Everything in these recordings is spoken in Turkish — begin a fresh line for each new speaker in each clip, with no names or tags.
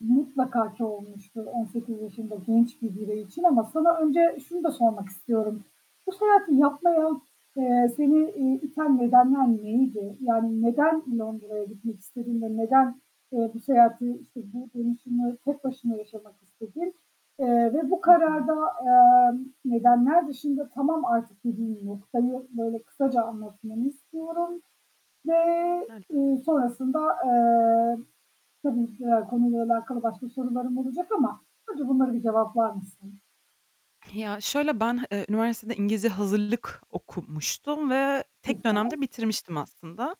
Mutlaka ki olmuştur 18 yaşında genç bir birey için ama sana önce şunu da sormak istiyorum. Bu seyahati yapmaya, eee, seni, iii, iten nedenler miydi? Yani neden Londra'ya gitmek istedin ve neden, eee, bu seyahati, işte, bu dönüşümü tek başına yaşamak istedin, eee, ve bu
Hı hı.
kararda, eee, nedenler dışında tamam artık dediğin noktayı böyle kısaca anlatmamı istiyorum ve,
[unintelligible]
eee, sonrasında, eee, tabii ki ya, konuyla alakalı başka sorularım olacak ama önce bunları bir cevaplar mısın?
Ya, şöyle ben, eee, üniversitede İngilizce hazırlık okumuştum ve tek
Güzel.
dönemde bitirmiştim aslında.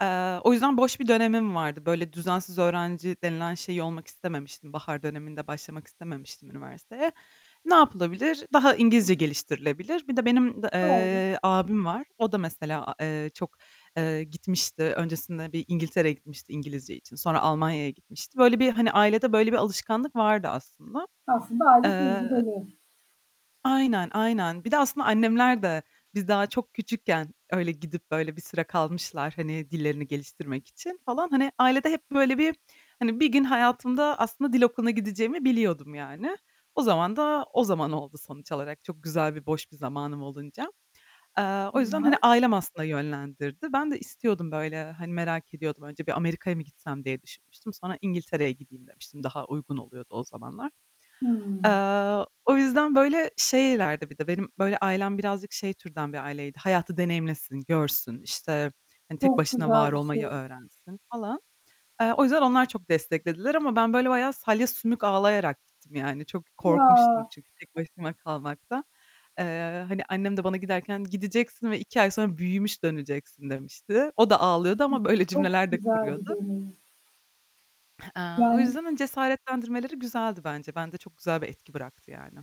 Eee, o yüzden boş bir dönemim vardı. Böyle düzensiz öğrenci denilen şeyi olmak istememiştim bahar döneminde başlamak istememiştim üniversiteye. Ne yapılabilir? Daha İngilizce
[unintelligible]
geliştirilebilir. Bir de benim d
Doğru.
eee, abim var. O da mesela a eee, çok eee, gitmişti. Öncesinde bir İngiltere'ye gitmişti İngilizce için. Sonra Almanya'ya gitmişti. Böyle bir hani, ailede böyle bir alışkanlık vardı aslında.
Aslında aile
Eee
tecrübeli.
Aynen, aynen. Bir de aslında annemler de biz daha çok küçükken öyle gidip böyle bir süre kalmışlar, hani, dillerini geliştirmek için falan. Hani, ailede hep böyle bir, hani, bir gün hayatımda aslında dil okuluna gideceğimi biliyordum yani. O zaman da o zaman oldu sonuç olarak çok güzel ve boş bir zamanım olunca. Eee, o yüzden, hani,
[unintelligible]
ailem aslında yönlendirdi. Ben de istiyordum böyle, hani, merak ediyordum. Önce bir Amerika'ya mı gitsem diye düşünmüştüm. Sonra İngiltere'ye gideyim demiştim. Daha uygun oluyordu o zamanlar. Eee,
Hımm.
o yüzden böyle şeylerdi bir de benim böyle ailem birazcık şey türden bir aileydi, "Hayatı deneyimlesin, görsün, işte, hani, tek
Çok
başına
güzel
var
bir
olmayı
şey.
öğrensin." falan. Eee, o yüzden onlar çok desteklediler ama ben böyle bayağı salya sümük ağlayarak gittim. Yani çok korkmuştum
Ya.
çünkü tek başıma kalmaktan. Eee, hani annem de bana giderken "Gideceksin ve 2 ay sonra büyümüş döneceksin." demişti. O da ağlıyordu ama
[unintelligible]
böyle
Çok
cümleler de
güzel bir
kuruyordu.
deneyim.
Eee, o
Yani
yüzden, hani, cesaretlendirmeleri güzeldi bence. Bende çok güzel bir etki bıraktı yani.